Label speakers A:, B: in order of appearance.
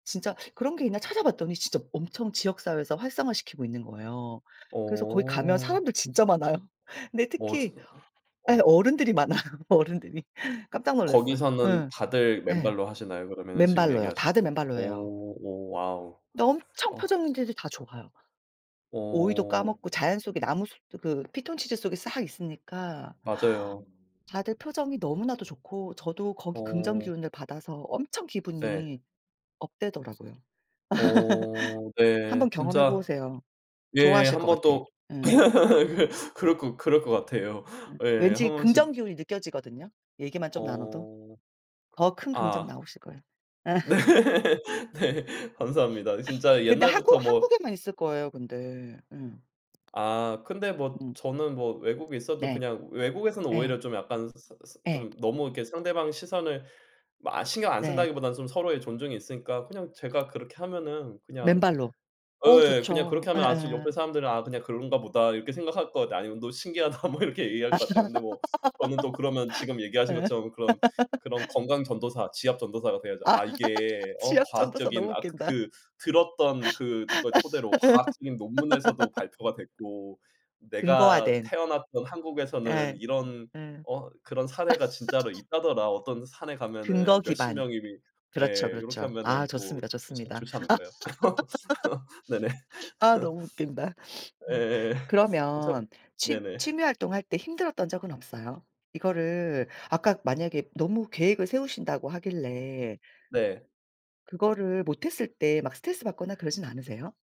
A: 진짜 그런 게 있나 찾아봤더니 진짜 엄청 지역사회에서 활성화시키고 있는 거예요. 그래서 거기 가면
B: 어.
A: 사람들 진짜 많아요. 근데
B: 어 지
A: 특히 예
B: 어.
A: 어른들이 많아요, 어른들이. 깜짝 놀랐어.
B: 거기서는
A: 예.
B: 다들
A: 예.
B: 맨발로 하시나요? 그러면은 지금
A: 맨발로요.
B: 얘기하셨
A: 다들 맨발로 해요.
B: 오 오 와우.
A: 근데 엄청
B: 어.
A: 표정 문제들이 다 좋아요. 오이도
B: 어.
A: 까먹고 자연 속에 나무 숲도 그 피톤치드 속에 싹 있으니까
B: 맞아요.
A: 다들 표정이 너무나도 좋고 저도 거기
B: 어.
A: 긍정기운을 받아서 엄청
B: 예.
A: 기분이 업되더라고요.
B: 어 네.
A: 한번 경험해
B: 진짜
A: 보세요.
B: 예
A: 좋아하실 것
B: 한번
A: 같아.
B: 또
A: 예.
B: 그 그럴 것 그럴 것 같아요.
A: 예.
B: 예 1
A: 왠지
B: 번쯤
A: 긍정기운이 느껴지거든요. 얘기만 좀 나눠도.
B: 어.
A: 더 큰 긍정
B: 아.
A: 나오실 거예요. 예.
B: 네 네. 감사합니다. 진짜
A: 근데 한국
B: 옛날부터 뭐
A: 한국에만 있을 거예요 근데. 예. 음.
B: 아 근데 뭐 저는 뭐 외국에 있어도
A: 네.
B: 그냥 외국에서는
A: 예.
B: 오히려 좀 약간 스 스
A: 예.
B: 좀 너무 이렇게 상대방 시선을 뭐 아 신경 안
A: 네.
B: 쓴다기보다는 좀 서로의 존중이 있으니까 그냥 제가 그렇게 하면은 그냥
A: 맨발로. 어
B: 예 그냥
A: 좋죠.
B: 그렇게 하면 아 제 옆에
A: 예예.
B: 사람들은 '아 그냥 그런가 보다.' 이렇게 생각할 것 같아요. 아니면 "너 신기하다." 뭐 이렇게 얘기할 것 같아요. 근데 뭐 저는 또 그러면 지금 얘기하신
A: 예.
B: 것처럼 그런, 그런 건강 전도사 지압 전도사가 돼야죠.
A: 아
B: 아 "이게 어
A: 지압 전도사
B: 과학적인
A: 너무
B: 아
A: 웃긴다.
B: 그 들었던 그 그걸 토대로 과학적인 논문에서도 발표가 됐고 내가
A: 근거화된.
B: 태어났던 한국에서는
A: 예.
B: 이런
A: 예.
B: 어 그런 사례가 진짜로 있다더라. 어떤 산에
A: 근거
B: 가면은 몇십
A: 기반.
B: 명이"
A: 그렇죠,
B: 네 요렇게
A: 그렇죠. 아
B: 하면은 또
A: 좋습니다,
B: 좋지
A: 좋습니다.
B: 좋지 않을까요? 네네.
A: 아 너무 웃긴다. 어
B: 예. 참
A: 그러면 취
B: 네네.
A: 취미활동 할 때 힘들었던 적은 없어요? 이거를 아까 만약에 너무 계획을 세우신다고 하길래
B: 네.
A: 그거를 못 했을 때 막 스트레스받거나 그러진 않으세요?